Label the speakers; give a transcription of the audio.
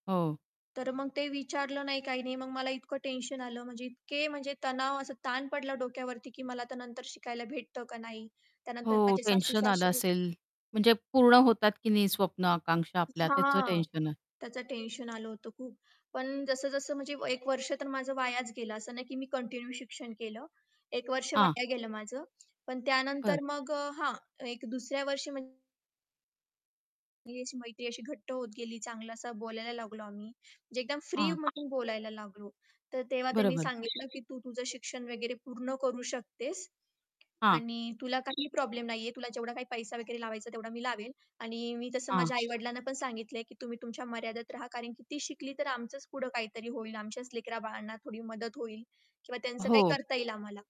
Speaker 1: हो.
Speaker 2: तर मग ते विचारलं नाही, काही नाही. मग मला इतकं टेन्शन आलं म्हणजे इतके म्हणजे तणाव असा ताण पडला डोक्यावरती की मला आता नंतर शिकायला भेटतं का नाही? त्यानंतर
Speaker 1: हो,
Speaker 2: माझे
Speaker 1: टेन्शन आलं
Speaker 2: सासू-सासरे
Speaker 1: असेल. म्हणजे पूर्ण होतात की नाही स्वप्न आकांक्षा आपल्या त्याचं
Speaker 2: हां,
Speaker 1: टेन्शन.
Speaker 2: त्याचं टेन्शन आलं होतं खूप. पण जसं-जसं म्हणजे व एक वर्ष तर माझं वायाच गेलं असं नाही की मी कंटिन्यू शिक्षण केलं एक वर्ष
Speaker 1: हां.
Speaker 2: वाया गेलं माझं पण
Speaker 1: बरं.
Speaker 2: त्यानंतर मग अ, हां, एक दुसऱ्या वर्षी म्हण ती अशी मैत्री अशी घट्ट होत गेली. चांगलं असं बोलायला लागलो आम्ही म्हणजे एकदम फ्री
Speaker 1: हां.
Speaker 2: म्हणून बोलायला लागलो. तर तेव्हा त्यांनी
Speaker 1: बरोबर.
Speaker 2: सांगितलं, की "तू तुझं शिक्षण वगैरे पूर्ण करू शकतेस
Speaker 1: हां.
Speaker 2: आणि तुला काही प्रॉब्लेम नाही आहे. तुला जेवढा काही पैसा वगैरे लावायचा तेवढा मी लावेल आणि मी तसं
Speaker 1: हां.
Speaker 2: माझ्या आई-वडिलांना पण सांगितलंय की तुम्ही तुमच्या मर्यादेत राहा. कारण की ती शिकली तर आमचंच पुढं काहीतरी होईल, आमच्याच लेकरा-बाळांना थोडी मदत होईल किंवा त्यांचं काही
Speaker 1: हो.
Speaker 2: करता येईल आम्हाला."